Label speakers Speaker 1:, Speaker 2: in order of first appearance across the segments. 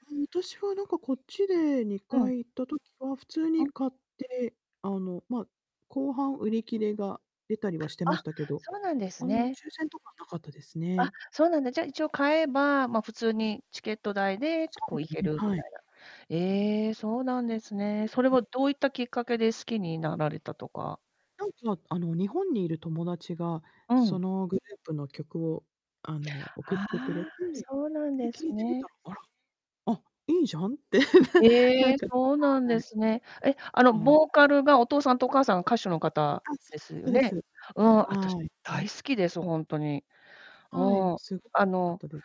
Speaker 1: あ、私はなんかこっちでに
Speaker 2: う
Speaker 1: か
Speaker 2: ん。
Speaker 1: い行った時は普通
Speaker 2: う
Speaker 1: に
Speaker 2: ん。
Speaker 1: 買って、あの、ま、後半売り切れが出たりはして
Speaker 2: あ、
Speaker 1: ましたけど、
Speaker 2: そうなんです
Speaker 1: あの、
Speaker 2: ね。
Speaker 1: 抽選とかはなかったです
Speaker 2: あ、
Speaker 1: ね。
Speaker 2: そうなんだ。じゃ一応買えば、ま、普通にチケット代
Speaker 1: でも
Speaker 2: でと
Speaker 1: そう
Speaker 2: こう
Speaker 1: で
Speaker 2: 行け
Speaker 1: すね、
Speaker 2: るみ
Speaker 1: はい。
Speaker 2: たいな。ええ、そうなんですね。それは
Speaker 1: [unintelligible]
Speaker 2: どういったきっかけで好きになられたとか。
Speaker 1: なんかあの、日本にいる友達が、
Speaker 2: う
Speaker 1: そ
Speaker 2: ん。
Speaker 1: のグループの曲をあの
Speaker 2: あ
Speaker 1: 送ってくれ
Speaker 2: あ、
Speaker 1: て、
Speaker 2: そうなん
Speaker 1: で、
Speaker 2: です
Speaker 1: 聞いてみた
Speaker 2: ね。
Speaker 1: ら、「あら、あ、いいじゃん」ってねな
Speaker 2: え
Speaker 1: ん
Speaker 2: え、
Speaker 1: か、
Speaker 2: そうなん
Speaker 1: は
Speaker 2: で
Speaker 1: い。
Speaker 2: すね。え、あの、
Speaker 1: うん。
Speaker 2: ボーカルがお父さんとお母さんが歌手の方
Speaker 1: あ、
Speaker 2: です
Speaker 1: そ
Speaker 2: よ
Speaker 1: うです
Speaker 2: ね。
Speaker 1: そうです。
Speaker 2: うん、あたし
Speaker 1: はい。
Speaker 2: 大好きです、ほんとに。う
Speaker 1: はい、もう
Speaker 2: ん。
Speaker 1: すっごくよ
Speaker 2: あ
Speaker 1: かっ
Speaker 2: の、
Speaker 1: たです。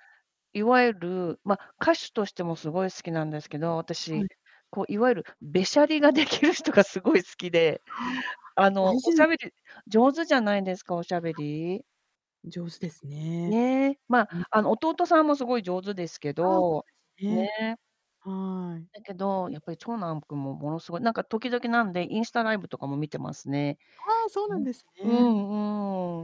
Speaker 2: いわゆる、ま、歌手としても凄い好きなんですけど、
Speaker 1: は
Speaker 2: 私。
Speaker 1: い。
Speaker 2: こういわゆるべしゃりができる人が凄い好きで、
Speaker 1: は
Speaker 2: あ
Speaker 1: あ、だ
Speaker 2: の、
Speaker 1: い
Speaker 2: お
Speaker 1: ぜん
Speaker 2: 喋り上手じゃないですか、お喋
Speaker 1: は
Speaker 2: り。
Speaker 1: い、上手ですね。
Speaker 2: ね、ま、あ
Speaker 1: う
Speaker 2: の、
Speaker 1: ん。
Speaker 2: 弟さんも凄い上手ですけ
Speaker 1: ああ、そう
Speaker 2: ど。
Speaker 1: ですね。
Speaker 2: ね。
Speaker 1: はい。
Speaker 2: だけど、やっぱり長男む君もものすごいなんか時々なんで、インスタライブとかも見てますね。
Speaker 1: ああ、そうな
Speaker 2: う
Speaker 1: ん
Speaker 2: ん、
Speaker 1: です
Speaker 2: う
Speaker 1: ね。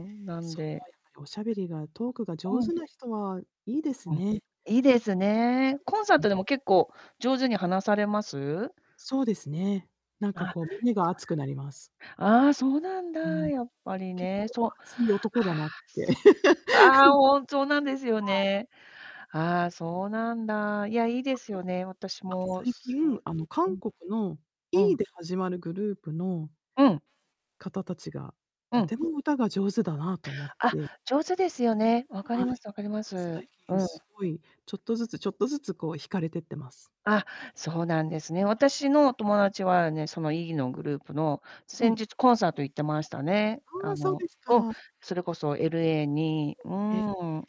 Speaker 2: んうん。なん
Speaker 1: そう、
Speaker 2: で
Speaker 1: あ、やっぱりお喋りがトークが
Speaker 2: う
Speaker 1: 上
Speaker 2: ん。
Speaker 1: 手な人はいいです
Speaker 2: うん。
Speaker 1: ね。
Speaker 2: いいですね。コンサー
Speaker 1: ん、う
Speaker 2: ト
Speaker 1: ん。
Speaker 2: でも結構上手に話されます？
Speaker 1: そうですね。なんかこう胸が熱くなります。
Speaker 2: あ、そうなんだ。あ
Speaker 1: う
Speaker 2: あ、そうなんだ。
Speaker 1: ん。
Speaker 2: やっぱり
Speaker 1: 結
Speaker 2: ね、
Speaker 1: 構
Speaker 2: そう。
Speaker 1: 熱い男
Speaker 2: あ
Speaker 1: だ
Speaker 2: あ、
Speaker 1: なって。は
Speaker 2: そ
Speaker 1: い。
Speaker 2: っああ、ほんそうなんですよね。ああ、そうなんだ。いや、いいですよね、私
Speaker 1: あとすあと
Speaker 2: も
Speaker 1: 最
Speaker 2: すごい
Speaker 1: 近、あの、
Speaker 2: う
Speaker 1: 韓
Speaker 2: ん。
Speaker 1: 国の
Speaker 2: う
Speaker 1: E
Speaker 2: ん。
Speaker 1: で始まるグループの
Speaker 2: うん。
Speaker 1: 方たちが、
Speaker 2: う
Speaker 1: と
Speaker 2: ん。
Speaker 1: ても歌が上手だなと思っ
Speaker 2: あ、
Speaker 1: て。
Speaker 2: 上手ですよね。分かり
Speaker 1: は
Speaker 2: ます
Speaker 1: い。
Speaker 2: 分かりま
Speaker 1: 最
Speaker 2: す。う
Speaker 1: 近
Speaker 2: ん。
Speaker 1: すごい、ちょっとずつちょっとずつこう惹かれてってます。
Speaker 2: あ、そうなんですね。私の
Speaker 1: [unintelligible]
Speaker 2: 友達はね、その E のグループの、
Speaker 1: は
Speaker 2: 先
Speaker 1: い。
Speaker 2: 日コンサート行ってましたね。
Speaker 1: あ
Speaker 2: あ
Speaker 1: あ、そう
Speaker 2: の
Speaker 1: です
Speaker 2: うん、
Speaker 1: か。
Speaker 2: それこそ LA に、う
Speaker 1: え、ええ。
Speaker 2: ん。